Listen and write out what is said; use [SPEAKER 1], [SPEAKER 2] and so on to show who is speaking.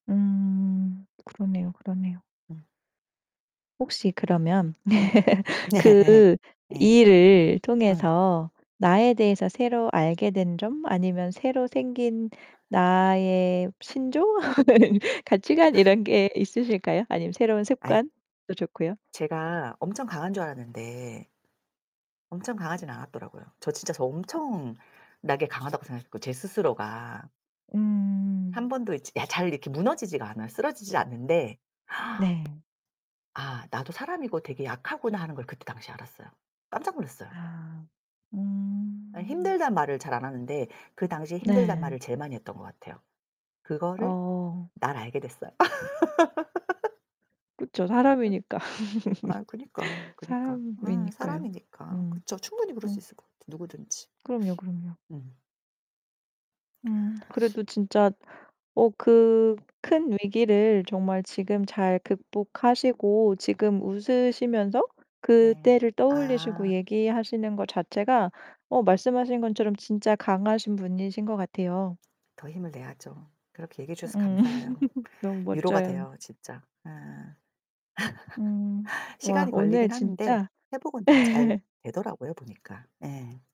[SPEAKER 1] 음. 그러네요, 그러네요.
[SPEAKER 2] 음.
[SPEAKER 1] 혹시 그러면
[SPEAKER 2] 음 네.
[SPEAKER 1] 그
[SPEAKER 2] 예.
[SPEAKER 1] 일을
[SPEAKER 2] 어.
[SPEAKER 1] 통해서 나에 대해서 새로 알게 된 점? 아니면 새로 생긴 나의 신조? 가치관 이런 게 있으실까요? 아니면 새로운
[SPEAKER 2] 아이
[SPEAKER 1] 습관도 좋고요.
[SPEAKER 2] 제가 엄청 강한 줄 알았는데 엄청 강하진 않았더라고요. 저 진짜 저 엄청나게 강하다고 생각했고, 제 스스로가. 1
[SPEAKER 1] 음.
[SPEAKER 2] 번도 이 지 야 잘 이렇게 무너지지가 않아요. 쓰러지질 않는데
[SPEAKER 1] 네.
[SPEAKER 2] '아, 나도 사람이고 되게 약하구나.' 하는 걸 그때 당시에 알았어요. 깜짝 놀랐어요.
[SPEAKER 1] 아
[SPEAKER 2] 예.
[SPEAKER 1] 음.
[SPEAKER 2] 힘들단 말을 잘 안 하는데, 그 당시에 힘들다는
[SPEAKER 1] 네.
[SPEAKER 2] 말을 제일 많이 했던 것 같아요. 그거를
[SPEAKER 1] 어.
[SPEAKER 2] 날 알게 됐어요.
[SPEAKER 1] 그쵸. 사람이니까.
[SPEAKER 2] 아유 그니까, 그니까. 음
[SPEAKER 1] 사람이니까요.
[SPEAKER 2] 사람이니까.
[SPEAKER 1] 음.
[SPEAKER 2] 그쵸. 충분히 그럴 수
[SPEAKER 1] 음.
[SPEAKER 2] 있을 것 같아 누구든지.
[SPEAKER 1] 그럼요, 그럼요.
[SPEAKER 2] 음.
[SPEAKER 1] 음, 그래도 진짜 어 그 큰 위기를 정말 지금 잘 극복하시고 지금 웃으시면서
[SPEAKER 2] 네.
[SPEAKER 1] 그때를 떠올리시고
[SPEAKER 2] 아.
[SPEAKER 1] 얘기하시는 것 자체가 어 말씀하신 것처럼 진짜 강하신 분이신 것 같아요.
[SPEAKER 2] 더 힘을 내야죠. 그렇게 얘기해 주셔서
[SPEAKER 1] 음.
[SPEAKER 2] 감사해요.
[SPEAKER 1] 너무
[SPEAKER 2] 위로가
[SPEAKER 1] 멋져요.
[SPEAKER 2] 돼요 진짜. 예.
[SPEAKER 1] 음. 와,
[SPEAKER 2] 시간이
[SPEAKER 1] 오늘
[SPEAKER 2] 걸리긴 하는데
[SPEAKER 1] 진짜
[SPEAKER 2] 회복은 다 잘 되더라고요 보니까. 예.